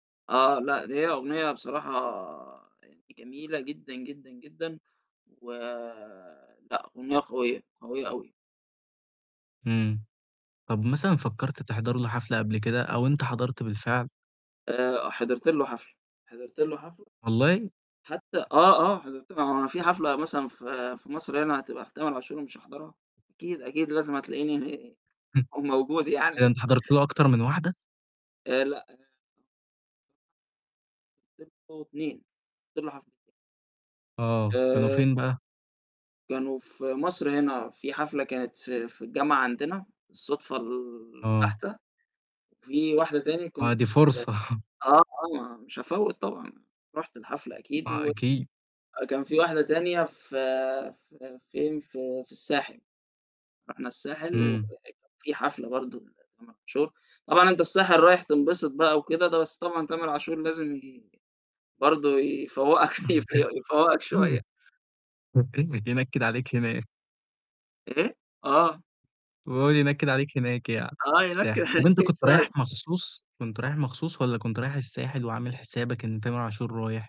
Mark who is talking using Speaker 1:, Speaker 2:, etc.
Speaker 1: آه لا دي هي أغنية بصراحة يعني جميلة جدًا، جدًا، جدًا، ولأ أغنية قوية، قوية أوي.
Speaker 2: إمم طب مثلًا فكرت تحضر له حفلة قبل كده أو أنت حضرت بالفعل؟
Speaker 1: آآ حضرت له حفلة حضرت له حفلة،
Speaker 2: والله؟
Speaker 1: حتى آه، آه حضرت ل ما هو أنا في حفلة مثلًا في في مصر هنا هتبقى لتامر عاشور ومش هاحضرها؟ أكيد، أكيد لازم هتلاقيني
Speaker 2: [unintelligible]
Speaker 1: موجود
Speaker 2: إيه ده
Speaker 1: يعني.
Speaker 2: أنت حضرت له أكتر من واحدة؟
Speaker 1: آآ لأ أنا [unintelligible] 2 حضرت له حفل
Speaker 2: آه، كانوا
Speaker 1: آآ
Speaker 2: فين بقى؟
Speaker 1: كانوا في مصر هنا في حفلة كانت في في الجامعة عندنا بالصدفة
Speaker 2: آه.
Speaker 1: البحتة، وفي واحدة تاني
Speaker 2: آه
Speaker 1: كنت
Speaker 2: دي
Speaker 1: في
Speaker 2: فرصة
Speaker 1: آه، آه ما مش هافوِّت طبعًا، رُحت الحفلة أكيد،
Speaker 2: آه
Speaker 1: و
Speaker 2: أكيد.
Speaker 1: كان في واحدة تانية في في فين، في في الساحل. رُحنا الساحل
Speaker 2: إمم.
Speaker 1: [unintelligible] في حفلة برضه لتامر عاشور، طبعًا أنت الساحل رايح تنبسط بقى وكده د بس طبعًا تامر عاشور لازم ي برضه يفوقك يف يفوقك شوية
Speaker 2: [unintelligible] ينكد عليك هناك.
Speaker 1: إيه؟ آه.
Speaker 2: وهو اللي ينكد عليك هناك يعني في
Speaker 1: آه ينكد
Speaker 2: الساحل، طب
Speaker 1: عليك
Speaker 2: أنت كنت
Speaker 1: شوية
Speaker 2: رايح
Speaker 1: عشان
Speaker 2: مخصوص؟ كنت رايح مخصوص والّا كنت رايح الساحل وعامل حسابك إن تامر عاشور رايح؟